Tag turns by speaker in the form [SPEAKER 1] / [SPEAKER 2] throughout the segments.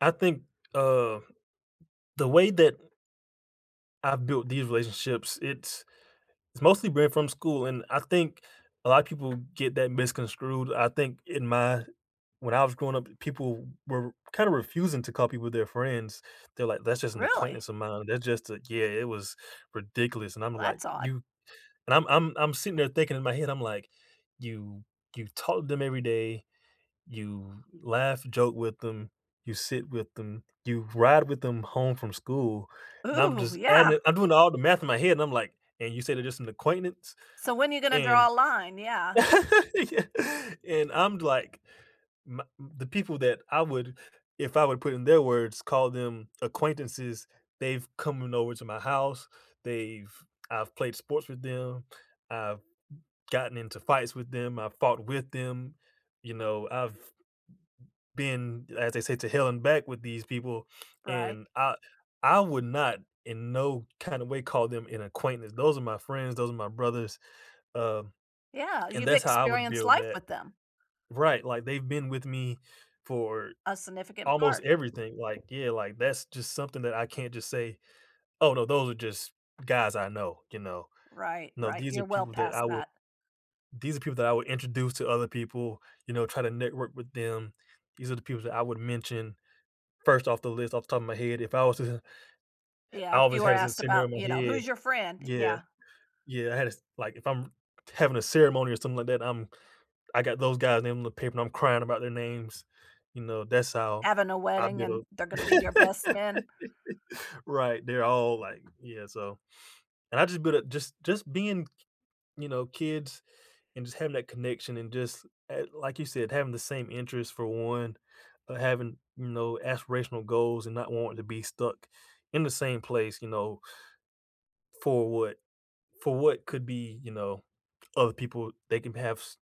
[SPEAKER 1] I think, uh, the way that I've built these relationships, it's it's mostly been from school, and I think a lot of people get that misconstrued, I think in my When I was growing up, people were kinda refusing to call people their friends, they're like, "That's just an
[SPEAKER 2] Really?
[SPEAKER 1] acquaintance of mine," or "That just a" Yeah, it was ridiculous, and I'm
[SPEAKER 2] Well,
[SPEAKER 1] like,
[SPEAKER 2] that's odd.
[SPEAKER 1] "You" and I'm I'm I'm sitting there thinking in my head, I'm like, "You You talk to them every day, you laugh, joke with them, you sit with them, you ride with them home from school," and I'm
[SPEAKER 2] Ooh,
[SPEAKER 1] just adding
[SPEAKER 2] yeah.
[SPEAKER 1] it I'm doing all the math in my head, and I'm like, "and you said it's just an acquaintance?"
[SPEAKER 2] So, when you gonna
[SPEAKER 1] and
[SPEAKER 2] draw a line? Yeah.
[SPEAKER 1] Yeah, and I'm like, my m the people that I would if I would put in their words, call them acquaintances, they've coming over to my house, they've I've played sports with them, I've gotten into fights with them, I've fought with them, you know, I've been as they say, to hell and back with these people,
[SPEAKER 2] Right.
[SPEAKER 1] and I I would not, in no kinda way, call them an acquaintance, those are my friends, those are my brothers, um,
[SPEAKER 2] Yeah,
[SPEAKER 1] and
[SPEAKER 2] you've
[SPEAKER 1] that's how I would
[SPEAKER 2] experienced
[SPEAKER 1] deal with
[SPEAKER 2] life
[SPEAKER 1] that.
[SPEAKER 2] with them.
[SPEAKER 1] Right, like they've been with me for
[SPEAKER 2] A significant
[SPEAKER 1] almost
[SPEAKER 2] part.
[SPEAKER 1] everything, like, yeah, like, that's just something that I can't just say, "Oh, no those are just guys I know," you know,
[SPEAKER 2] Right,
[SPEAKER 1] no,
[SPEAKER 2] right,
[SPEAKER 1] these are
[SPEAKER 2] you're well
[SPEAKER 1] people that
[SPEAKER 2] past
[SPEAKER 1] I would
[SPEAKER 2] that.
[SPEAKER 1] these are people that I would introduce to other people, you know, try to network with them. These are the people that I would mention first off the list, off the top of my head, if I was to ha ha I
[SPEAKER 2] Yeah, if
[SPEAKER 1] always
[SPEAKER 2] you were
[SPEAKER 1] had this
[SPEAKER 2] asked
[SPEAKER 1] scenario
[SPEAKER 2] about,
[SPEAKER 1] in
[SPEAKER 2] you
[SPEAKER 1] my
[SPEAKER 2] know,
[SPEAKER 1] head.
[SPEAKER 2] "Who's your friend?"
[SPEAKER 1] Yeah.
[SPEAKER 2] Yeah.
[SPEAKER 1] Yeah, I had this Like, if I'm t having a ceremony or something like that, I'm I got those guys' name on the paper, and I'm crying about their names. You know, that's how
[SPEAKER 2] Having a
[SPEAKER 1] I
[SPEAKER 2] wedding and
[SPEAKER 1] build
[SPEAKER 2] they're gonna be your best men.
[SPEAKER 1] Right, they're all like Yeah, so And I just but, uh, just just being k you know, kids and just having that connection, and just a like you said, having the same interest for one, uh, having, you know, aspirational goals and not wanting to be stuck in the same place, you know for what for what could be, you know, other people they can have s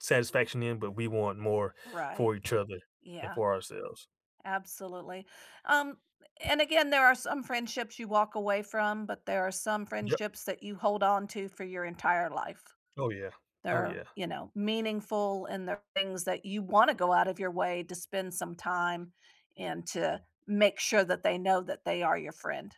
[SPEAKER 1] satisfaction in, but we want more
[SPEAKER 2] Right.
[SPEAKER 1] for each other and
[SPEAKER 2] Yeah.
[SPEAKER 1] for ourselves.
[SPEAKER 2] Absolutely, um, and again, there are some friendships you walk away from, but there are some
[SPEAKER 1] Yep.
[SPEAKER 2] friendships that you hold on to for your entire life.
[SPEAKER 1] Oh, yeah. Oh,
[SPEAKER 2] They're,
[SPEAKER 1] yeah.
[SPEAKER 2] you know, meaningful, and they're things that you wanna go out of your way to spend some time, and to make sure that they know that they are your friend.